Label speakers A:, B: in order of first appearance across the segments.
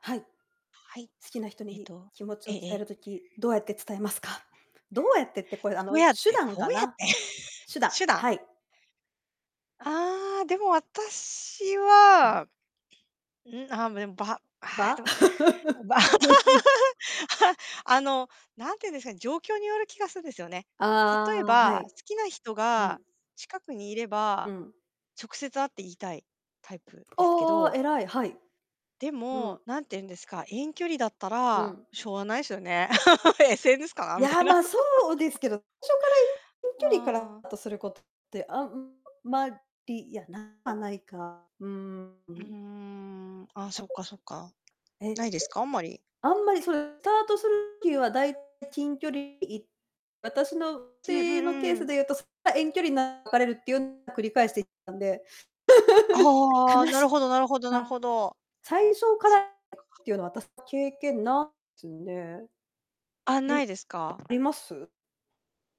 A: はい。好
B: はい。
A: きな人
B: えっ
A: に
B: と、
A: 気持ち
B: え
A: を
B: え
A: 伝
B: え
A: える
B: え。
A: 時どうやって伝えますか？どうやってって、これあ
B: どう
A: の
B: やっ
A: 手
B: て
A: 段
B: どう
A: か
B: やっ
A: な、
B: て、
A: 手段。
B: 手段。
A: はい。
B: あ、でも私
A: うん。
B: は、ん、あ、めん場ああ、
A: 場？
B: でも、場 あの、なんていうんですかね、状況による気がするですよね。例え
A: ああ、は
B: ば、
A: い。
B: 好きな人
A: う
B: が
A: ん。
B: 近くにいれ
A: う
B: ば、
A: ん。
B: 直接会って言いたいタイプですけ
A: おお、
B: ど
A: 偉い、はい。
B: で
A: うん。
B: も、何て言うんですか、遠距離だった
A: う
B: ら
A: ん。
B: しょうがないすよね。SNS かな
A: い
B: みた
A: や、
B: いな。
A: ま、そうで すけど、初から遠距離か
B: ああ。
A: ら トすることって、あんまり、いやなくはないか。うーん、う
B: うー
A: ん。
B: ん、あ、
A: た
B: そっ
A: ぶん
B: かそっか。
A: ええ。
B: ないですか？あんまり。
A: あんまり、それ、タートする きは、だい 近距離、い私の、
B: うんう
A: ちのケー
B: んう
A: ス
B: ん。
A: でいうと、そっか、遠距離流れるっていう 繰り返して たんで。
B: あ あ、
A: 悲
B: なる
A: し
B: ほどなるほどなるほ
A: は
B: ど。
A: 最初か
B: そっ
A: ら
B: か。
A: っていうのは私、経験な つね。
B: あ、
A: え、む
B: ないですか？
A: あります？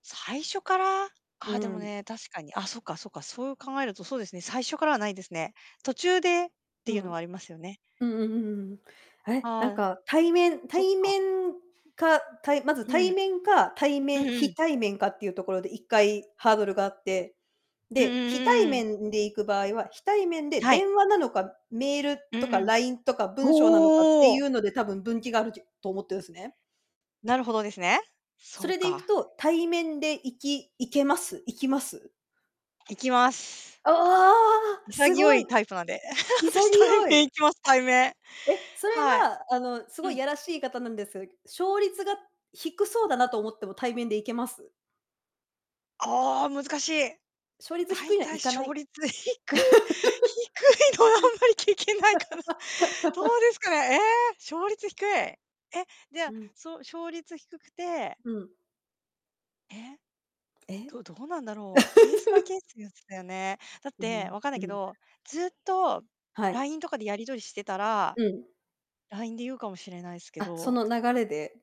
B: 最初から？あ
A: う
B: あでも
A: ん。
B: ね、確かに、あ、そっかそっか、そう考えると、そうですね、最初からはないですね。途中でって
A: う
B: いうの
A: ん。
B: はありますよね。
A: うんうん、ふん、あれ、なん
B: はい。
A: か対面
B: そっ
A: 対
B: か。
A: 面か、たいまず
B: うん。
A: 対面か、対
B: う
A: 面
B: んう
A: 非
B: ん。
A: 対面かっていうところで一回ハードルがあって、
B: うん
A: で、非対
B: うんうん。
A: 面んで行く場合は、非対面で
B: はい。
A: 電話なのか、メール
B: う
A: と
B: ん
A: か
B: うん。
A: LINE とか文章なのかって
B: お
A: い
B: お。
A: うので多分、分岐があるじゅと思ってるんすね。
B: なるほどですね。
A: そ
B: そう
A: れでいく
B: か。
A: と、対面で行き行けます行きます？
B: 行きます。
A: あ、ああ、す
B: 潔
A: ご
B: い
A: い。
B: タイプなんで。
A: 潔
B: 私対面
A: い。
B: 行きます、対面。
A: え、それ
B: はい。
A: はあの、す
B: う
A: ごい
B: ん。
A: やらしい言い方なんです、勝率が低そうだなと思っても対面で行けます？
B: ああ、難しい。
A: 勝率低
B: 大
A: いのは
B: 体
A: 行かな
B: 勝
A: い。
B: 率低低 いのはあんまり聞けないかな。どう ですかね、え、勝率低い。え、じゃあ、
A: うん。
B: そう、勝率低くて
A: うん。
B: え。
A: え。
B: どどうなんだろう、ケースバイケ ースやつだよね。だっ
A: う、ふ
B: て
A: ん、
B: わかんない
A: う
B: け
A: ん。
B: ど、ずっと
A: はい。
B: LINE とかでやり取りしてたら、
A: うん。
B: LINE で言うかもしれないすけ
A: あ、そ
B: ど。
A: の流れで？